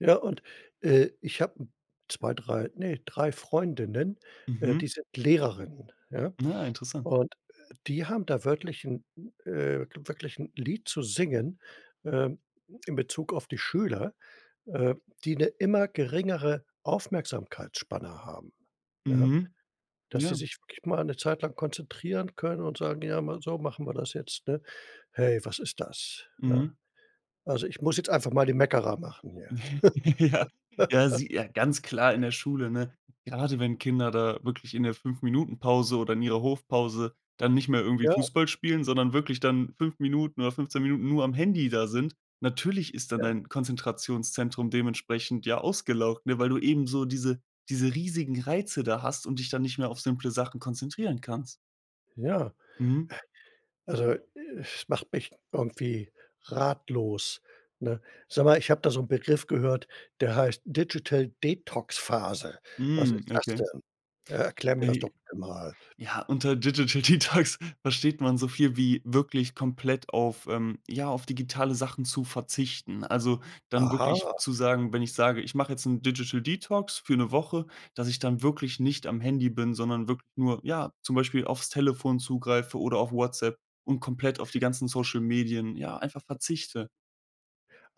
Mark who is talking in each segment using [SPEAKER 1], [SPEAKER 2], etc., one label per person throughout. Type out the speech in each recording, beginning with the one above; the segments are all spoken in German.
[SPEAKER 1] Ja, und, äh, ich habe 2, 3, ne, 3 Freundinnen, äh,
[SPEAKER 2] Mhm.
[SPEAKER 1] die sind Lehrerinnen, ja?
[SPEAKER 2] Ah, interessant.
[SPEAKER 1] Und, die haben da wirklich 'n äh, wirklich 'n Lied zu singen, ähm, in Bezug auf die Schüler, ähm, die 'ne immer geringere Aufmerksamkeitsspanne haben, ja?
[SPEAKER 2] Mhm.
[SPEAKER 1] Dass die
[SPEAKER 2] Ja.
[SPEAKER 1] sich wirklich mal 'ne Zeit lang konzentrieren können und sagen: „Ja, mal so machen wir das jetzt," ne? Hey, was ist das, ne?
[SPEAKER 2] Mhm.
[SPEAKER 1] Also, ich muss jetzt einfach mal den Meckerer machen hier.
[SPEAKER 2] Ja. Ja, sie ja, ganz klar in der Schule, ne? Gerade wenn Kinder da wirklich in der 5 Minuten Pause oder in ihrer Hofpause dann nicht mehr irgendwie
[SPEAKER 1] Ja.
[SPEAKER 2] Fußball spielen, sondern wirklich dann 5 Minuten oder 15 Minuten nur am Handy da sind, natürlich ist dann
[SPEAKER 1] Ja.
[SPEAKER 2] dein Konzentrationszentrum dementsprechend, ja, ausgelaugt, ne? Weil du eben so diese diese riesigen Reize da hast und dich dann nicht mehr auf simple Sachen konzentrieren kannst.
[SPEAKER 1] Ja.
[SPEAKER 2] Mhm.
[SPEAKER 1] Also, es macht mich irgendwie ratlos, ne? Sag mal, ich habe da so 'n Begriff gehört, der heißt Digital Detox Phase. Was
[SPEAKER 2] Mhm.
[SPEAKER 1] ist das
[SPEAKER 2] Okay.
[SPEAKER 1] denn? Erklär mir das doch, bitte mal.
[SPEAKER 2] Ja, unter Digital Detox versteht man so viel wie wirklich komplett auf, ähm, ja, auf digitale Sachen zu verzichten. Also, dann wirklich
[SPEAKER 1] Aha.
[SPEAKER 2] zu sagen wenn ich sage: „Ich mache jetzt 'n Digital Detox für 'ne Woche," dass ich dann wirklich nicht am Handy bin, sondern wirk nur, ja, zum Beispiel aufs Telefon zugreife oder auf Whatsapp und komplett auf die ganzen Social Medien, ja, einfach verzichte.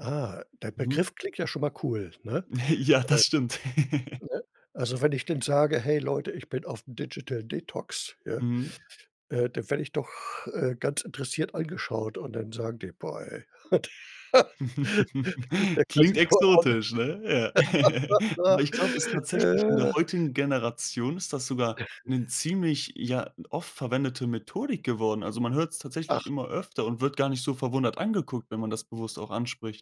[SPEAKER 1] Ah, der
[SPEAKER 2] Mhm.
[SPEAKER 1] Begriff klingt ja schon mal cool, ne?
[SPEAKER 2] Ja, das stimmt.
[SPEAKER 1] Äh, ne? Also, wenn ich denn sage: „Hey Leute, ich bin aufm Digital Detox, ne?“
[SPEAKER 2] Mhm.
[SPEAKER 1] Äh, dann werde ich doch, äh, ganz interessiert angeschaut und dann sagen die: „Boah, ey.“ Und
[SPEAKER 2] Klingt exotisch, ne? Ja. Aber ich glaube, ist
[SPEAKER 1] der.
[SPEAKER 2] tatsächlich in der
[SPEAKER 1] [unintelligible]
[SPEAKER 2] heutigen Generation ist das sogar 'ne ziemlich ja, oft verwendete Methodik geworden. Also man hört's tatsächlich
[SPEAKER 1] Ach.
[SPEAKER 2] immer öfter und wird gar nicht so verwundert angeguckt, wenn man das bewusst auch anspricht.